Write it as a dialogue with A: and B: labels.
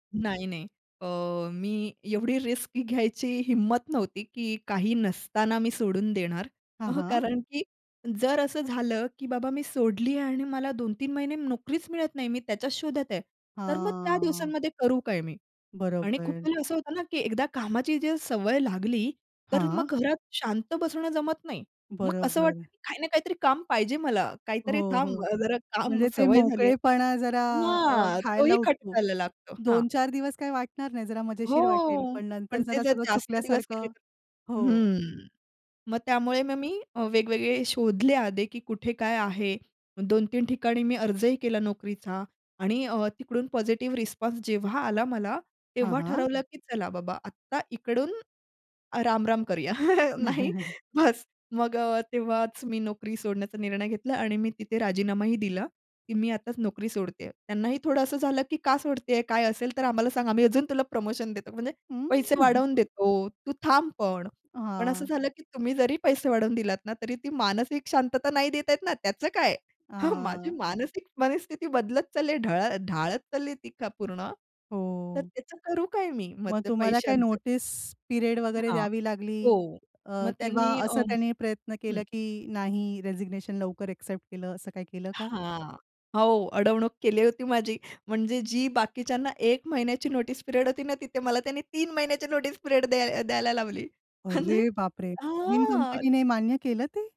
A: नाही, नाही. अ, मी एवढी रिस्क घ्यायची हिंमत नव्हती, की काही नसताना मी सोडून देणार.
B: हां,
A: अह,
B: हां.
A: कारण, की जर असं झालं, की बाबा मी सोडली आणि मला 2-3 महिने नोकरीच मिळत नाही. मी त्याच्याच शोधात आहे. तर मग त्या
B: हां.
A: दिवसांमध्ये करू काय मी? आणि खूप
B: बरोबर.
A: वेळा असं होतं ना, की एकदा कामाची जर सवय लागली, तर
B: हां.
A: मग घरात शांत बसणं जमत नाही. मग असं वाटतं,
B: बरोबर.
A: की काही ना काहीतरी काम पाहिजे मला. काहीतरी
B: हो, हो.
A: थांब, जरा काम
B: म्हणजे ते
A: सवय झाली आहे
B: मोकळेपणा जरा अ,
A: हां, तोही
B: खायला उठतो.
A: खटकायला लागतो. हां.
B: 2-4 दिवस काही वाटणार नाही, जरा
A: हो.
B: मजेशीर वाटेल. पण नंतर
A: पण ते
B: जरा
A: जर
B: सगळं
A: जास्त दिवस केले
B: चुकल्यासारखं. हो.
A: हं. मग त्यामुळे मग मी अ, वेगवेगळे शोधले आधी, की कुठे काय आहे. 2-3 ठिकाणी मी अर्जही केला नोकरीचा आणि अ, तिकडून पॉझिटिव्ह रिस्पॉन्स जेव्हा आला मला
B: हां,
A: तेव्हा
B: हां.
A: ठरवलं, की "चला बाबा आत्ता इकडून राम-राम करूया." नाही बस. मग अ,
B: हं.
A: तेव्हाच मी नोकरी सोडण्याचा निर्णय घेतला आणि मी तिथे राजीनामाही दिला, की मी आताच नोकरी सोडतेय. त्यांनाही थोडं असं झालं, की "का सोडतेय? काय असेल तर आम्हाला सांग, आम्ही अजून तुला प्रमोशन देतो. म्हणजे पैसे
B: हं.
A: वाढवून देतो, तू थांब पण."
B: अ,
A: पण असं
B: हां.
A: झालं, की तुम्ही जरी पैसे वाढवून दिलात ना तरी ती मानसिक शांतता नाही देता येत ना, त्याचं काय? हां, माझी
B: अ.
A: मानसिक मनस्थिती बदलत चालली आहे, ढळ ढाळत चालली ती का पूर्ण. तर
B: हो.
A: त्याचं करू काय मी? मग
B: मग
A: त्या
B: तुम्हाला काही
A: पैशांच?
B: नोटीस पिरियड वगैरे
A: हां,
B: द्यावी लागली.
A: हो.
B: अ,
A: मग
B: किंवा
A: त्यांनी अ,
B: असं त्यांनी प्रयत्न
A: हं.
B: केला, की नाही रेझिग्नेशन लवकर एक्सेप्ट केलं असं काही केलं का?
A: हां. हो, अडवणूक केली होती माझी. म्हणजे जी बाकीच्यांना 1 महिन्याची नोटीस पिरियड होती ना तिथे मला त्यांनी 3 महिन्याची नोटीस पिरियड द्याय द्यायला लावली. म्हणजे
B: अरे बाप रे! नवीन
A: हां.
B: कंपनी ने मान्य केलं ते?